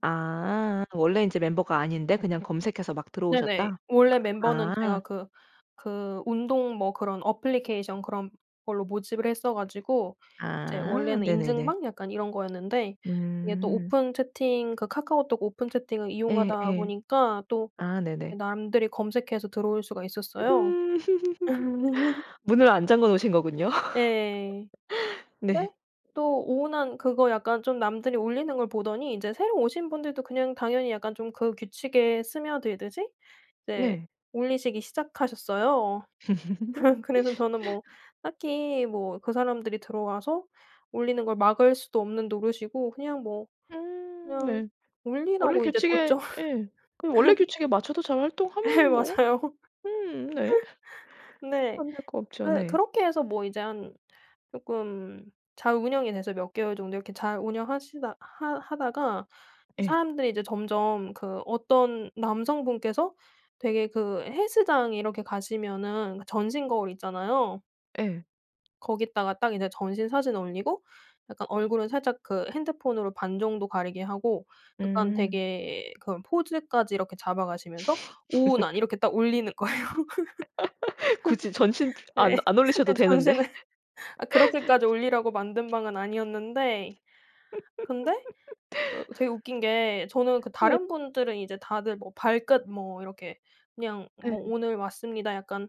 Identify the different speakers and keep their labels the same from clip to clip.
Speaker 1: 아. 원래 이제 멤버가 아닌데 그냥 검색해서 막
Speaker 2: 네네.
Speaker 1: 들어오셨다?
Speaker 2: 원래 멤버는 제가
Speaker 1: 아.
Speaker 2: 그 그 운동 뭐 그런 애플리케이션 그런 걸로 모집을 했어 가지고 이제
Speaker 1: 아.
Speaker 2: 원래는
Speaker 1: 네네네.
Speaker 2: 인증방 약간 이런 거였는데 이게 또
Speaker 1: 음.
Speaker 2: 오픈 채팅 그 카카오톡 오픈 채팅을 이용하다
Speaker 1: 예예.
Speaker 2: 보니까 또
Speaker 1: 아 네네.
Speaker 2: 남들이 검색해서 들어올 수가 있었어요.
Speaker 1: 음. 문을 안 잠궈 놓으신 거군요.
Speaker 2: 예.
Speaker 1: 네.
Speaker 2: 근데 또 오운완 그거 약간 좀 남들이 올리는 걸 보더니 이제 새로 오신 분들도 그냥 당연히 약간 좀 그 규칙에 스며들듯이 이제
Speaker 1: 네.
Speaker 2: 올리시기 시작하셨어요. 그래서 저는 뭐 딱히 뭐 그 사람들이 들어와서 올리는 걸 막을 수도 없는 노릇이고 그냥 뭐
Speaker 1: 음.
Speaker 2: 그냥
Speaker 1: 네. 원래
Speaker 2: 올리라고 이제
Speaker 1: 규칙에
Speaker 2: 뒀죠.
Speaker 1: 예. 그 원래 규칙에 맞춰서 잘
Speaker 2: 네.
Speaker 1: 활동하면 뭐
Speaker 2: 맞아요.
Speaker 1: 음 네.
Speaker 2: 근데
Speaker 1: 안 될 거 없죠.
Speaker 2: 그
Speaker 1: 네.
Speaker 2: 그렇게 해서 뭐 이제 한 쪼끔 잘 운영이 돼서 몇 개월 정도 이렇게 잘 운영하시다 하 하다가
Speaker 1: 예.
Speaker 2: 사람들이 이제 점점 그 어떤 남성분께서 되게 그 헬스장 이렇게 가시면은 전신 거울 있잖아요.
Speaker 1: 예.
Speaker 2: 거기다가 딱 이제 전신 사진 올리고 약간 얼굴은 살짝 그 핸드폰으로 반 정도 가리게 하고 약간
Speaker 1: 음.
Speaker 2: 되게 그런 포즈까지 이렇게 잡아가시면서 오운완 이렇게 딱 올리는 거예요.
Speaker 1: 굳이 전신
Speaker 2: 예.
Speaker 1: 안 안 올리셔도
Speaker 2: 예
Speaker 1: 되는데.
Speaker 2: 전신을. 아 그렇게까지 올리라고 만든 방은 아니었는데 근데 어 되게 웃긴 게 저는 그
Speaker 1: 네.
Speaker 2: 다른 분들은 이제 다들 뭐 발끝 뭐 이렇게 그냥 뭐
Speaker 1: 예.
Speaker 2: "오늘 왔습니다." 약간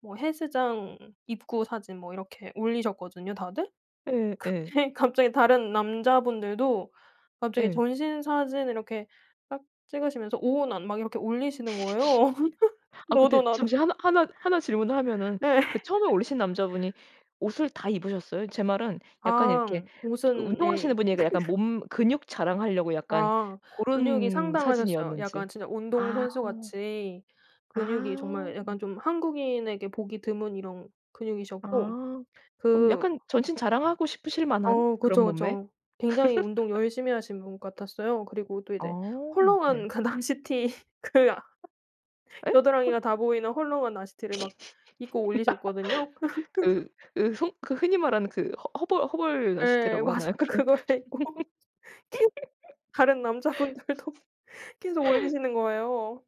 Speaker 2: 뭐 헬스장 입구 사진 뭐 이렇게 올리셨거든요 다들.
Speaker 1: 예 예.
Speaker 2: 근데 갑자기 다른 남자분들도 갑자기
Speaker 1: 예.
Speaker 2: 전신 사진을 이렇게 딱 찍으시면서 오운완 막 이렇게 올리시는 거예요
Speaker 1: 아 근데
Speaker 2: 너도 나도.
Speaker 1: 잠시 하나 하나 하나 질문을 하면은
Speaker 2: 네.
Speaker 1: 그 처음에 올리신 남자분이 옷을 다 입으셨어요? 제 말은 약간 이렇게
Speaker 2: 아.
Speaker 1: 그
Speaker 2: 옷은 예
Speaker 1: 운동하시는
Speaker 2: 이
Speaker 1: 분이라 약간
Speaker 2: 그러니까.
Speaker 1: 몸 근육 자랑하려고 약간
Speaker 2: 아. 근육이
Speaker 1: 고른
Speaker 2: 상당하셨어요.
Speaker 1: 사진이었는지.
Speaker 2: 약간 진짜
Speaker 1: 아.
Speaker 2: 운동선수같이 근육이
Speaker 1: 아오.
Speaker 2: 정말 약간 좀 한국인에게 보기 드문 이런 근육이셨고
Speaker 1: 아 그럼
Speaker 2: 그
Speaker 1: 약간 전신 자랑하고 싶으실 만한
Speaker 2: 어.
Speaker 1: 그런
Speaker 2: 그쵸,
Speaker 1: 몸매?
Speaker 2: 그쵸. 굉장히 운동 열심히 하신 분 같았어요. 그리고 또 이제
Speaker 1: 아우. 네.
Speaker 2: 헐렁한 그 나시티 그 아
Speaker 1: 예?
Speaker 2: 겨드랑이가 다
Speaker 1: [unintelligible]
Speaker 2: 보이는 헐렁한 나시티를 막 입고 올리셨거든요. 그 그래서
Speaker 1: 그 으 손 흔히 말하는 그 허 허벌 허벌
Speaker 2: 예.
Speaker 1: 나시티라고
Speaker 2: 맞아요.
Speaker 1: 하나요? 그런
Speaker 2: 그거를 입고 계 다른 남자분들도 계속 올리시는 거예요.